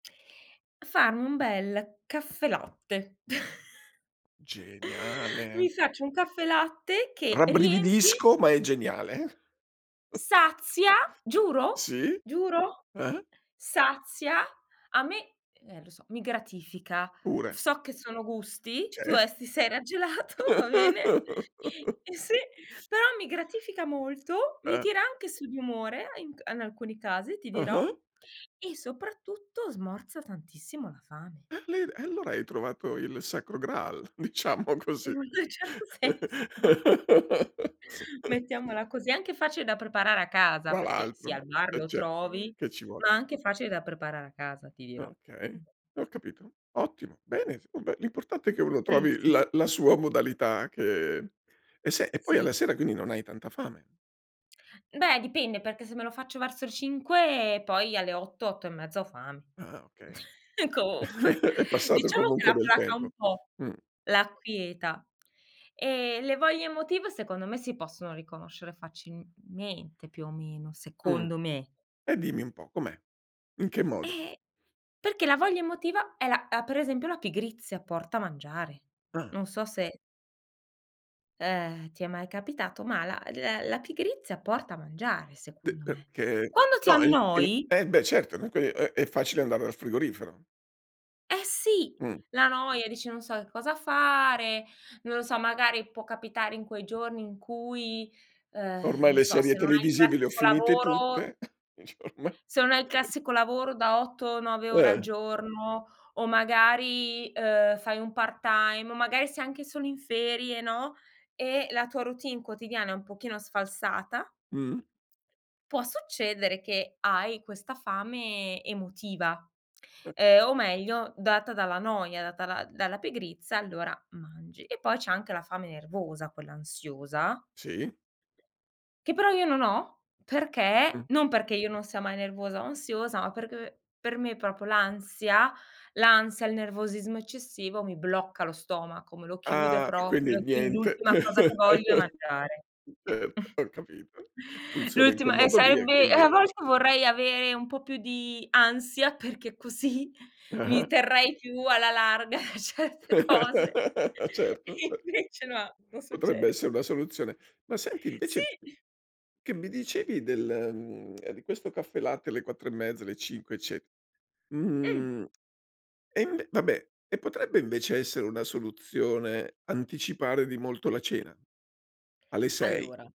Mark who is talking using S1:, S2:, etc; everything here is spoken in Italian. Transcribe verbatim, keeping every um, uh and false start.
S1: Farmi un bel caffelatte. Mi
S2: Geniale.
S1: faccio un caffelatte che riempie
S2: Rabbrividisco, ma è geniale.
S1: sazia giuro,
S2: Sì.
S1: giuro,
S2: Eh?
S1: sazia, a me e eh lo so, mi gratifica,
S2: Pure.
S1: so che sono gusti, tu
S2: Cioè
S1: aesso ti sei raggelato, va bene eh sì, però mi gratifica molto, mi
S2: Eh.
S1: tira anche su di umore e in c in alcuni casi ti dirò,
S2: Ah-ah.
S1: e soprattutto smorza tantissimo la fame.
S2: [unintelligible] E allora hai trovato il sacro Graal, diciamo così.
S1: In un certo senso mettiamola così, è anche facile da preparare a casa
S2: Tra
S1: perché, sì
S2: l'altro
S1: al bar
S2: eh
S1: lo
S2: certo che
S1: trovi,
S2: che ci vuole.
S1: ma anche facile da preparare a casa ti dirò.
S2: Okay, ho capito. Ottimo, bene, vabbè l'importante è che uno
S1: Sì,
S2: trovi
S1: sì,
S2: la la
S1: s
S2: sua modalità che e se e poi alla
S1: Sì.
S2: sera quindi non hai tanta fame.
S1: Beh, dipende, perché se me lo faccio verso le cinque, poi alle otto, otto e mezza, ho fame.
S2: Ah okay.
S1: Comunque
S2: È passato
S1: diciamo che
S2: comunque
S1: la
S2: del
S1: placa un
S2: tempo.
S1: po',
S2: Mh.
S1: l'acquieta, ehm, le voglie emotive secondo me si possono riconoscere facilmente, più o meno,
S2: Mh,
S1: secondo me.
S2: e dimmi un po', com'è? In che modo?
S1: Eh, perché la voglia emotiva è la uhm, per esempio la pigrizia porta a mangiare.
S2: Ah.
S1: Non so se eh, ti è mai capitato, ma la l la pigrizia porta a mangiare,
S2: D
S1: secondo me.
S2: perché
S1: Quando ti
S2: no, il il
S1: annoi
S2: eh beh certo [unintelligible] è è facile andare dal frigorifero.
S1: Eh sì,
S2: Mh.
S1: la noia, dici: "non so che cosa fare", non lo so magari può capitare in quei giorni in cui, uhm,
S2: Ormai
S1: non
S2: le
S1: so,
S2: serie
S1: se non hai il
S2: televisive le ho
S1: classico
S2: finite
S1: lavoro
S2: tutte dici: "ormai".
S1: se non hai il classico lavoro da otto, nove ore al
S2: Eh.
S1: giorno o magari, uhm, fai un part-time o magari sei anche solo in ferie, no, e la tua routine quotidiana è un pochino sfalsata
S2: Mh.
S1: può succedere che hai questa fame emotiva,
S2: Eh
S1: uhm, o meglio data dalla noia, data la dalla pigrizia, allora mangi, e poi c'è anche la fame nervosa, quella ansiosa
S2: Sì.
S1: che però io non ho,
S2: Mh.
S1: perché non perché io non sia mai nervosa o ansiosa, ma perché per me proprio l'ansia l'ansia, il nervosismo eccessivo mi blocca lo stomaco, me lo chiude
S2: Ah, e quindi
S1: proprio, quindi
S2: niente.
S1: l'ultima cosa che voglio è mangiare.
S2: Certo ho capito, funziona in quel
S1: L'ultima eh
S2: modo lì e
S1: saebbe eh,
S2: quindi
S1: a volte vorrei avere un po' più di ansia perché così, mi
S2: Ah-ah.
S1: terrei più alla larga certe cose.
S2: Certo, sì
S1: Invece no, non
S2: Potrebbe
S1: succede.
S2: essere una soluzione. Ma senti
S1: Sì!
S2: invece che mi dicevi del mhmm di questo caffelatte alle quattro e mezza, alle cinque ecce
S1: Mh!
S2: mhmm e inve vabbè, e potrebbe invece essere una soluzione anticipare di molto la cena? Alle sei?
S1: Allora